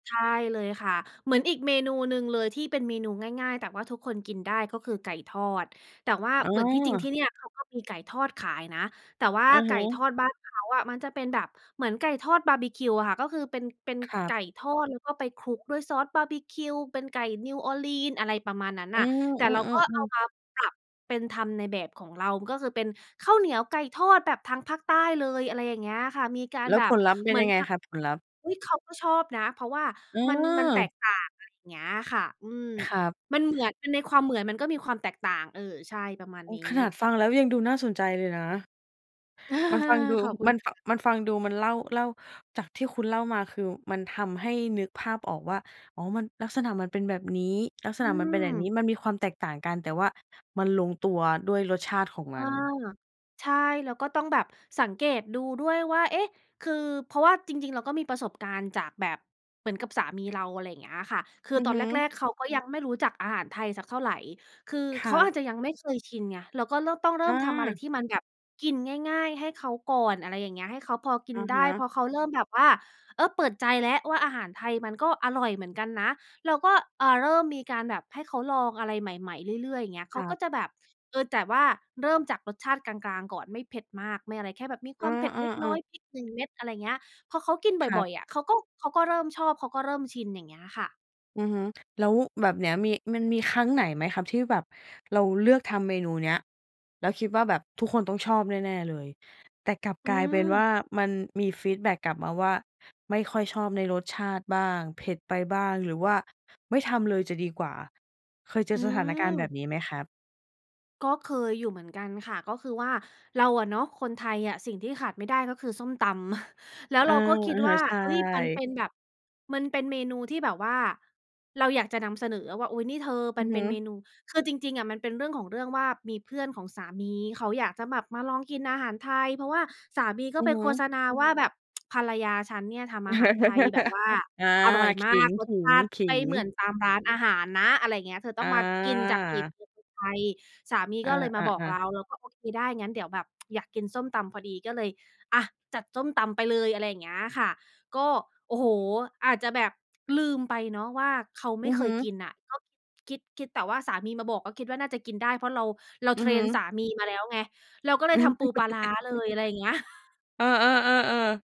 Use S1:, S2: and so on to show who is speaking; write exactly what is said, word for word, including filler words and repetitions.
S1: ใช่เลยค่ะ เหมือนอีกเมนูหนึ่งเลยที่เป็นเมนูง่าย ๆ แต่ว่าทุกคนกินได้ ก็คือไก่ทอด แต่ว่า
S2: อ้
S1: เหมือนที่จริง
S2: อ
S1: ที่เนี่ยเขาก็มีไก่ทอดขายนะ แต่ว่า
S2: อะ
S1: ไก
S2: ฮ
S1: ่ทอ
S2: ะ
S1: ดบ้านเขาอะ มันจะเป็นแบบเหมือนไก่ทอดบาร์บิคิวอะค่ะ ก็คือเป็น เป็น
S2: ครั
S1: ไก
S2: บ
S1: ่ทอดแล้วก็ไปคลุกด้วยซอสบาร์บิคิว เป็นไก่ New Orleans อะไรประมาณนั้น
S2: อ
S1: น
S2: ื
S1: ่ะ แต่เราก็
S2: อ
S1: เอา
S2: ๆ ๆ ๆ
S1: มาปรับเป็นทำในแบบของเรา ก็คือเป็นข้าวเหนียวไก่ทอดแบบทางภาคใต้เลย อะไรอย่างเงี้ยค่ะ มีการ
S2: แล้
S1: แ
S2: ว
S1: บ
S2: ผ
S1: บ
S2: ลลัพธ์เป
S1: เ
S2: ็
S1: หม
S2: น
S1: ือ
S2: ย
S1: น
S2: ังไง
S1: แบบ
S2: ครับ? ผลลัพธ์
S1: อุ๊ย! เขาก็ชอบนะ เพราะว่า
S2: เ
S1: มัน มันแต
S2: ออ
S1: กต่าง อะไรเงี้ยค่ะ อืม
S2: ครับ
S1: มันเหมือน แต่ในความเหมือนมันก็มีความแตกต่าง เออ ใช่ ประมาณ
S2: โอ้!
S1: นี้
S2: ขนาดฟังแล้ว ยังดูน่าสนใจเลยนะ มันฟังดู
S1: ขอบคุณ
S2: มัน
S1: ค่
S2: ฟ
S1: ะ
S2: มันฟังดู มันเล่า เล่า จากที่คุณเล่ามา คือมันทำให้นึกภาพออกว่า อ๋อ มัน ลักษณะมันเป็นแบบนี้ ลักษ
S1: อื
S2: ณะมันเป็นแบบ
S1: ม
S2: นี้ มันมีความแตกต่างกัน แต่ว่ามันลงตัวด้วยรสชาติของ
S1: อ
S2: ม
S1: า
S2: ัน
S1: ใช่ แล้วก็ต้องแบบสังเกตดูด้วยว่า เอ๊ะ! คือ เพราะว่าจริง ๆ เราก็มีประสบการณ์จากแบบ เหมือนกับสามีเรา อะไรเงี้ยค่ะ คือ
S2: อือ
S1: ตอ
S2: ฮ
S1: นแร
S2: ึ
S1: ก ๆ เขาก็ยังไม่รู้จักอาหารไทยสักเท่าไร คือ
S2: ค
S1: เข
S2: ร
S1: า
S2: ั
S1: อ
S2: บ
S1: าจจะยังไม่เคยชินไง เราก็เร่อ ต้องเริ่
S2: อ
S1: มทำอะไร
S2: า
S1: ที่มันแบบกินง่าย ๆ ให้เขาก่อน อะไรอย่างเงี้ย ให้เขาพอกิ
S2: อ
S1: น
S2: ะ
S1: ได
S2: ฮ
S1: ้ พ
S2: ะ
S1: อเขาเริ่มแบบว่า เออ เปิดใจแล้วว่า อาหารไทยมันก็อร่อยเหมือนกันนะ เราก็ อ่า เริ่มมีการแบบให้เขาลองอะไรใหม่ ๆ เรื่อย ๆ เงี้ย เข
S2: ค
S1: า
S2: รั
S1: ก็
S2: บ
S1: จะแบบ เออ แต่ว่าเริ่มจากรสชาติกลาง ๆ ก่อนไม่เผ็ดมาก ไม่อะไร แค่แบบมีค
S2: อ
S1: วามเผ็ดเล็กน้อ
S2: า ๆ
S1: ย
S2: ๆ
S1: พริก หนึ่ง เม็ด อะไรเงี้ย พอเขากินบ
S2: ครั
S1: ่อ
S2: บ
S1: ย ๆ อะ เขาก็ เขาก็เริ่มชอบ เขาก็เริ่มชิน อย่างเงี้ยค่ะ
S2: อือฮึ แล้วแบบเนี้ย มี มันมีครั้งไหนไหมครับ? ที่แบบเราเลือกทำเมนูเนี้ย แล้วคิดว่า แบบทุกคนต้องชอบแน่ ๆ เลย แต่กลับ
S1: อื
S2: กลายเป็นว่
S1: ม
S2: า มันมีฟีดแบ็กกลับมาว่า ไม่ค่อยชอบในรสชาติบ้าง เผ็ดไปบ้าง หรือว่าไม่ทำเลยจะดีกว่า เคยเจ
S1: อ
S2: อ
S1: ื
S2: สถานการณ์แบ
S1: ม
S2: บนี้ไหมครับ?
S1: ก็เคยอยู่เหมือนกันค่ะ ก็คือว่าเราอะเนาะ คนไทยอะสิ่งที่ขาดไม่ได้ก็คือส้มตำ แล้ว
S2: อ
S1: เ
S2: า
S1: ราก็คิ
S2: อ
S1: ด
S2: ะ
S1: ว
S2: ฮ
S1: ่
S2: ะ
S1: า
S2: ใช่
S1: เฮ้ย! มันเป็นแบบ มันเป็นเมนูที่แบบว่าเราอยากจะนำเสนออะว่า อุ๊ย! นี่เธอ
S2: อ
S1: ม
S2: ื
S1: ัน
S2: อ
S1: เ
S2: ฮ
S1: ป็
S2: ึ
S1: นเมนู คือจริง ๆ อะ มันเป็นเรื่องของเรื่องว่า มีเพื่อนของสามีเขาอยากจะแบบมาลองกินอาหารไทย เพราะว่าสามีก็
S2: อื
S1: ไป
S2: อฮ
S1: โฆษ
S2: ึ
S1: ณาว่า แบบ ภรรยาฉันเนี่ยทำอาหารไทยแบบว่า
S2: อา
S1: อร่อย
S2: ข
S1: มาก รส
S2: ิ
S1: ชาติไป้
S2: ง
S1: เหมื
S2: ๆ ๆ
S1: อนตามร้านอาหารนะ อะไรเงี้ย เธอ
S2: อ
S1: ต้องมากินจากฝี
S2: า
S1: มือคนไทย สามี
S2: อ
S1: ก็เลยมาบอก
S2: า
S1: เ
S2: ๆ
S1: ร
S2: ๆ
S1: า เราก็โอเคได้ งั้นเดี๋ยวแบบ อยากกินส้มตำพอดี ก็เลย อะ จัดส้มตำไปเลย อะไรอย่างเงี้ยค่ะ ก็ โอ้โฮ! อาจจะแบบลืมไปเนาะว่า เขาไม
S2: อ
S1: ่
S2: ือ
S1: เค
S2: ฮ
S1: ย
S2: ึ
S1: กินน่ะ ก็คิด คิด คิดแต่ว่าสามีมาบอก ก็คิดว่าน่าจะกินได้ เพราะเรา เรา
S2: อื
S1: เท
S2: อ
S1: ร
S2: ฮ
S1: นส
S2: ึ
S1: ามีมาแล้วไง เราก็เล
S2: อื
S1: ยท
S2: อ
S1: ำปูปลาร้าเลย อะไรเงี้ย
S2: เออ ๆ ๆ ๆ